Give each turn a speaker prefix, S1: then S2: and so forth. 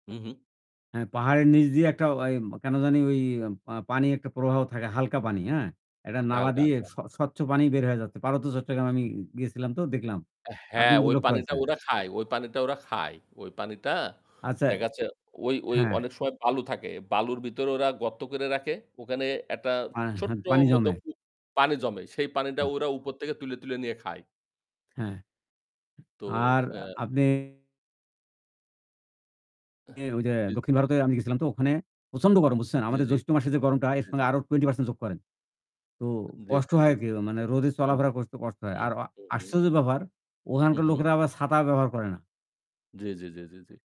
S1: হু, হু।
S2: হ্যাঁ, পাহাড়ের নিচ দিয়ে একটা ওই কেন জানি ওই পা পানি একটা প্রবাহ থাকে, হালকা পানি, হ্যাঁ? একটা
S1: হাল্কা,
S2: নালা
S1: হাল্কা,
S2: দিয়ে
S1: হাল্কা।
S2: স স্বচ্ছ পানি বের হয়ে যাচ্ছে। পার্বত্য চট্টগ্রামে আমি গেছিলাম তো দেখলাম।
S1: আ হ্যাঁ,
S2: আপনার কি
S1: ওই
S2: লক্ষ্য
S1: পানিটা
S2: হয়েছে?
S1: ওরা খায় ওই পানিটা ওরা খায়। ওই পানিটা
S2: আচ্ছা, এ
S1: দেখা যাচ্ছে ওই, ওই
S2: হ্যাঁ।
S1: অনেক সময় বালু থাকে। বালুর ভিতর ওরা গর্ত করে রাখে। ওখানে একটা
S2: আ হ্যাঁ।
S1: ছোট্ট
S2: পানি
S1: মতো
S2: জমে।
S1: কু পানি জমে। সেই পানিটা
S2: হুম।
S1: ওরা উপর থেকে তুলে, তুলে নিয়ে খায়।
S2: হ্যাঁ।
S1: তো,
S2: আর
S1: অ্যা
S2: আপনি
S1: এহ
S2: ই ওইযে
S1: জি, জি।
S2: দক্ষিণ ভারতে আমি গেছিলাম তো ওখানে প্রচণ্ড গরম বুঝছেন?
S1: জি,
S2: আমাদের
S1: জি,
S2: জ্যৈষ্ঠ মাসের যে গরমটা এর
S1: জি,
S2: সঙ্গে
S1: জি।
S2: আরও 20% যোগ করেন। তো
S1: জি,
S2: কষ্ট
S1: জি,
S2: হয়
S1: জি, জি।
S2: আরকি মানে রোদে
S1: হুম,
S2: চলাফেরা করতে কষ্ট, কষ্ট হয়।
S1: হুম,
S2: আর আ
S1: হুম, হুম।
S2: আশ্চর্য ব্যাপার,
S1: হু,
S2: ওখানকার
S1: হু।
S2: লোকেরা আবার ছাতা ব্যবহার করে না।
S1: জি, জি, জি, জি, জি।